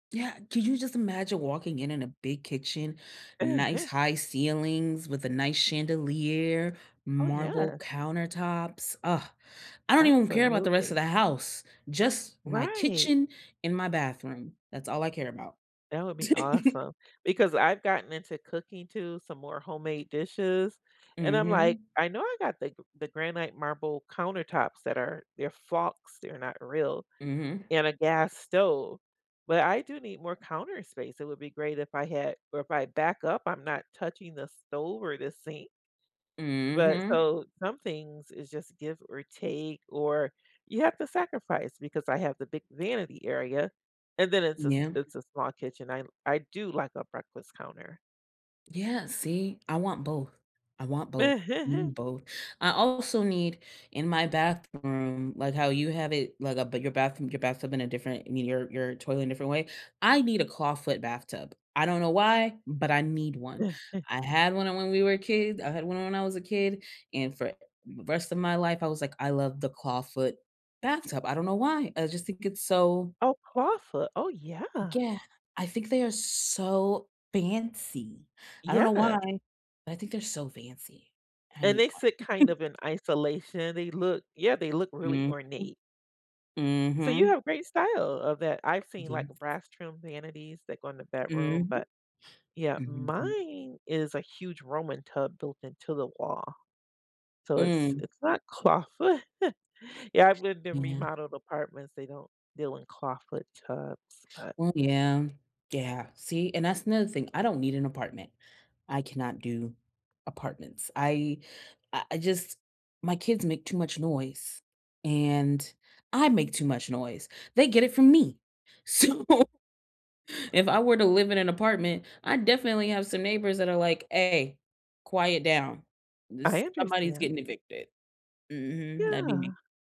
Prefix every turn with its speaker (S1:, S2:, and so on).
S1: Yeah. Could you just imagine walking in in a big kitchen, nice high ceilings with a nice chandelier,
S2: Oh,
S1: marble
S2: yeah.
S1: countertops? Ugh. I don't even w care about the rest of
S2: Absolutely.
S1: the house, just my
S2: Right.
S1: kitchen and my bathroom. That's all I care about.
S2: That would be awesome, because I've gotten into cooking too, some more homemade dishes, and I'm like,
S1: Mhm.
S2: I know I got the g the granite marble countertops that are they're flocks, they're not real,
S1: Mhm.
S2: and a gas stove, but I do need more counter space. It would be great if I had or if I back up, I'm not touching the stove, or the sink but,
S1: Mhm.
S2: so some things is just give, or take, or you have to sacrifice, because I have the big vanity area, and then it's a s
S1: Yeah.
S2: it's a small kitchen. I li I do like a breakfast counter.
S1: Yeah, see. I want both. I want both. I need both. I also need, in my bathroom, like how you have it, like, uh, but, your bathroom your bathtub in a different I mean, your your toilet in a different way. I need a clawfoot bathtub. I don't know why, but I need one. I had one, uh, when we were kids. I had one when I was a kid, and for r rest of my life, I was like, "I love the clawfoot bathtub." I don't know why. I just think it's so
S2: Oh, clawfoot. Oh, yeah.
S1: Yeah. I think they are so fancy. I don't know why,
S2: Yeah.
S1: but I think they're so fancy. And I
S2: And
S1: need
S2: they
S1: one.
S2: sit kind of in isolation. They look yeah, they look really
S1: Mhm.
S2: ornate. So you
S1: Mhm.
S2: have great style of that. I've seen, like, uh,
S1: Yes.
S2: brass trimmed vanities that go in the bedroom,
S1: Mhm.
S2: but yeah.
S1: Mhm.
S2: Mine is a huge Roman tub built into the wall. So it's
S1: Mm.
S2: it's not clawfoot Yeah, I've lived in
S1: Yeah.
S2: remodeled apartments. They don't deal in clawfoot tubs, but
S1: Well, yeah. Yeah. See, and that's another thing. I don't need an apartment. I cannot do apartments. I I I just my kids make too much noise, and I make too much noise. They get it from me. So, if I were to live in an apartment, I'd definitely have some neighbors that are like, "Ay. Quiet down.
S2: I
S1: This" somebody's
S2: understand.
S1: getting evicted. Mhm. That'd be me.
S2: Yeah.